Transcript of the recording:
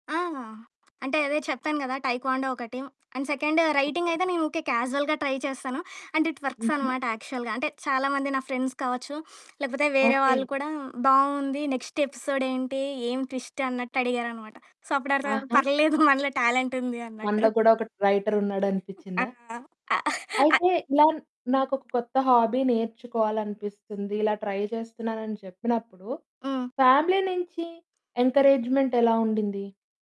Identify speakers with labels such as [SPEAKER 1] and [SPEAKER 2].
[SPEAKER 1] ఆ! అంటే అదే చెప్తాను గదా! టైక్వాండో ఒకటి. And second writing
[SPEAKER 2] okay.
[SPEAKER 1] అయితే నేను ఉకె క్యాజువల్‌గా ట్రై చేస్తాను. అండ్ ఇట్ వర్క్స్
[SPEAKER 2] హుహు.
[SPEAKER 1] అనమాట యాక్చువల్‌గా. అంటే చాలామంది నా ఫ్రెండ్స్ కావచ్చు లేకపోతే వేరే
[SPEAKER 2] ఓకె.
[SPEAKER 1] వాళ్ళ కూడా బావుంది. నెక్స్ట్ ఎపిసోడ్ ఏంటి? ఏం ట్విస్ట్ అన్నట్టు అడిగారనమాట. సో, అప్పుడు అర్దమైంది.
[SPEAKER 2] ఆహా!
[SPEAKER 1] పర్లేదు మనలో టాలెంటుంది
[SPEAKER 2] మనలో
[SPEAKER 1] అన్నట్టు.
[SPEAKER 2] కూడ ఒక
[SPEAKER 1] ఆ!
[SPEAKER 2] రైటరున్నాడనిపించిందా?
[SPEAKER 1] అ అ
[SPEAKER 2] అయితే ఇలా నాకొక కొత్త హాబీ నేర్చుకోవాలనిపిస్తుంది. ఇలా ట్రై జేస్తున్నానని చెప్పినప్పుడు
[SPEAKER 1] హ్మ్.
[SPEAKER 2] ఫ్యామిలీ నుంచి ఎన్‌కరేజ్‌మెంట్ ఎలా ఉండింది?